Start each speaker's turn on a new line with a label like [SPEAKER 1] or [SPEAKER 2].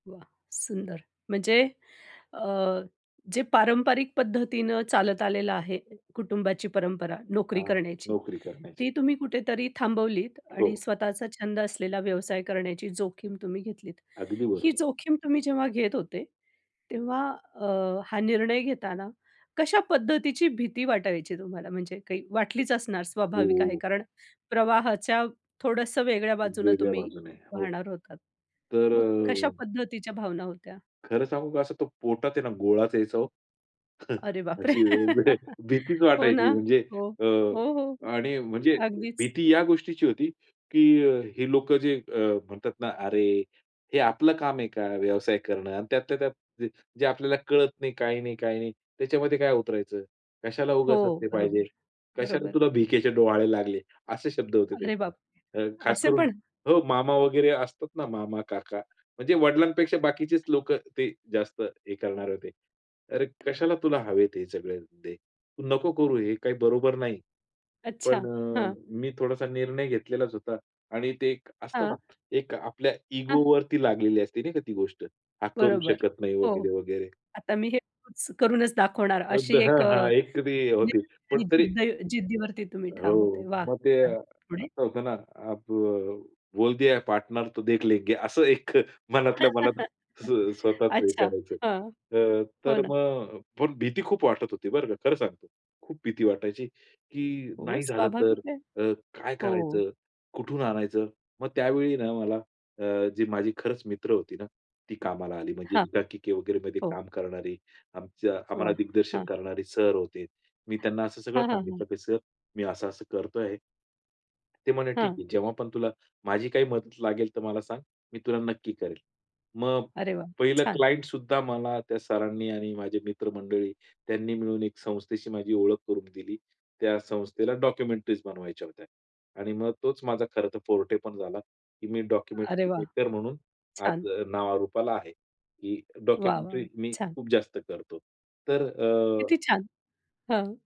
[SPEAKER 1] वाह! सुंदर. म्हणजे अ, जे पारंपरिक पद्धतीनं चालत आलेलं आहे कुटुंबाची परंपरा, नोकरी
[SPEAKER 2] हां.
[SPEAKER 1] करण्याची,
[SPEAKER 2] नोकरी करण्याची.
[SPEAKER 1] ती तुम्ही कुठेतरी थांबवलीत आणि
[SPEAKER 2] हो.
[SPEAKER 1] स्वतःचा छंद असलेला व्यवसाय करण्याची जोखीम तुम्ही घेतलीत.
[SPEAKER 2] अगदी
[SPEAKER 1] ही
[SPEAKER 2] बरोबर.
[SPEAKER 1] जोखीम तुम्ही जेव्हा घेत होते, तेव्हा अ, हा निर्णय घेताना, कशा पद्धतीची भीती वाटायची तुम्हाला? म्हणजे काही वाटलीच असणार स्वाभाविक आहे.
[SPEAKER 2] हो.
[SPEAKER 1] कारण प्रवाहाच्या थोडंसं वेगळ्या बाजूनं
[SPEAKER 2] वेगळ्या
[SPEAKER 1] तुम्ही
[SPEAKER 2] बाजूने. हो.
[SPEAKER 1] वाहणार होता,
[SPEAKER 2] तर
[SPEAKER 1] मग कशा
[SPEAKER 2] अ,
[SPEAKER 1] पद्धतीच्या भावना होत्या?
[SPEAKER 2] खरं सांगू का असं तो पोटात आहे ना, गोळाच यायचा ओ.
[SPEAKER 1] अरे बापरे!
[SPEAKER 2] अशी एवढी भीतीच
[SPEAKER 1] हो
[SPEAKER 2] वाटायची,
[SPEAKER 1] ना.
[SPEAKER 2] म्हणजे
[SPEAKER 1] हो.
[SPEAKER 2] अ,
[SPEAKER 1] हो. हो.
[SPEAKER 2] आणि म्हणजे
[SPEAKER 1] अगदीच.
[SPEAKER 2] भीती या गोष्टीची होती की हे लोकं जे अ, म्हणतात ना, "अरे, हे आपलं काम आहे का व्यवसाय करणं? आणि त्यातल्या त्यात ज जे आपल्याला कळत नाही, काही नाही, काही नाही त्याच्यामध्ये काय उतरायचं? कशाला उगाच
[SPEAKER 1] हो.
[SPEAKER 2] असले पाहिजे?
[SPEAKER 1] बरोबर,
[SPEAKER 2] कशाला
[SPEAKER 1] बरोबर.
[SPEAKER 2] तुला भिकेचे डोहाळे लागले?" असे शब्द होते
[SPEAKER 1] अरे बापरे!
[SPEAKER 2] त्यांचे. खास
[SPEAKER 1] असे
[SPEAKER 2] करून
[SPEAKER 1] पण?
[SPEAKER 2] हो, मामा वगैरे असतात ना, मामा, काका. म्हणजे वडिलांपेक्षा बाकीचेच लोकं ते जास्त हे करणार होते. "अरे, कशाला तुला हवेत हे सगळे धंदे? तू नको करू, हे काही बरोबर नाही." पण
[SPEAKER 1] अच्छा.
[SPEAKER 2] अ,
[SPEAKER 1] हां.
[SPEAKER 2] मी थोडासा निर्णय घेतलेलाच होता. आणि ते एक असतं ना,
[SPEAKER 1] हां.
[SPEAKER 2] एक आपल्या
[SPEAKER 1] हां.
[SPEAKER 2] इगोवरती लागलेली असते नाही का, ती गोष्ट. "हा करू
[SPEAKER 1] बरोबर.
[SPEAKER 2] शकत नाही." वगैरे,
[SPEAKER 1] हो.
[SPEAKER 2] वगैरे.
[SPEAKER 1] आता मी हे [unintelligible] करूनच दाखवणार
[SPEAKER 2] मग
[SPEAKER 1] अशी
[SPEAKER 2] [unintelligible]
[SPEAKER 1] एक
[SPEAKER 2] हां,
[SPEAKER 1] अ,
[SPEAKER 2] हां. एक तरी
[SPEAKER 1] म्हणजे
[SPEAKER 2] होती. पण
[SPEAKER 1] त्यांनी
[SPEAKER 2] तरी
[SPEAKER 1] जिद्द जिद्दीवरती तुम्ही ठाम
[SPEAKER 2] हो.
[SPEAKER 1] होते. वाह!
[SPEAKER 2] मग ते
[SPEAKER 1] छान. पुढे?
[SPEAKER 2] असं होतं ना, अ, अब बोल दिया पाटनर तो देख लेंगे. असं एक मनातल्या मनात स्व स्वतःच हे
[SPEAKER 1] अच्छा.
[SPEAKER 2] करायचं.
[SPEAKER 1] हां.
[SPEAKER 2] अ,
[SPEAKER 1] हो
[SPEAKER 2] तर
[SPEAKER 1] ना.
[SPEAKER 2] मग पण भीती खूप वाटत होती बरं का खरं सांगतो. खूप भीती वाटायची की
[SPEAKER 1] हो.
[SPEAKER 2] "नाही झालं तर
[SPEAKER 1] स्वाभाविक आहे.
[SPEAKER 2] तर काय
[SPEAKER 1] हो.
[SPEAKER 2] करायचं? कुठून आणायचं?" मग त्यावेळी ना मला अ, जी माझी खरंच मित्र होती ना, ती कामाला आली म्हणजे
[SPEAKER 1] हां.
[SPEAKER 2] एकांकिके वगैरे मध्ये
[SPEAKER 1] हो.
[SPEAKER 2] काम करणारी. आमचा ,आम्हाला
[SPEAKER 1] वाह!
[SPEAKER 2] दिग्दर्शन
[SPEAKER 1] हां.
[SPEAKER 2] करणारे सर होते. मी त्यांना असं सगळं
[SPEAKER 1] हां, हां.
[SPEAKER 2] सांगितलं
[SPEAKER 1] हां.
[SPEAKER 2] की "सर, मी असं-असं करतोय." ते म्हणाले, "ठीक
[SPEAKER 1] हां.
[SPEAKER 2] आहे. जेव्हा पण तुला माझी काही मदत लागेल तर मला सांग, मी तुला नक्की करेल." मग
[SPEAKER 1] अरे वाह!
[SPEAKER 2] पहिलं
[SPEAKER 1] छान.
[SPEAKER 2] क्लायंट सुद्धा मला त्या सरांनी आणि माझे मित्र-मंडळी त्यांनी मिळून एक संस्थेशी माझी ओळख करून दिली. त्या संस्थेला डॉक्युमेंटरीज बनवायच्या होत्या. आणि मग तोच माझा खरं तर फोर्टे पण झाला की मी
[SPEAKER 1] अरे वाह!
[SPEAKER 2] डॉक्युमेंटर म्हणून
[SPEAKER 1] छान.
[SPEAKER 2] आज नावारूपाला आहे. की
[SPEAKER 1] वाह,
[SPEAKER 2] डॉक्युमेंटरी
[SPEAKER 1] वाह!
[SPEAKER 2] मी
[SPEAKER 1] छान.
[SPEAKER 2] खूप जास्त करतो. तर अ,
[SPEAKER 1] किती छान. हां.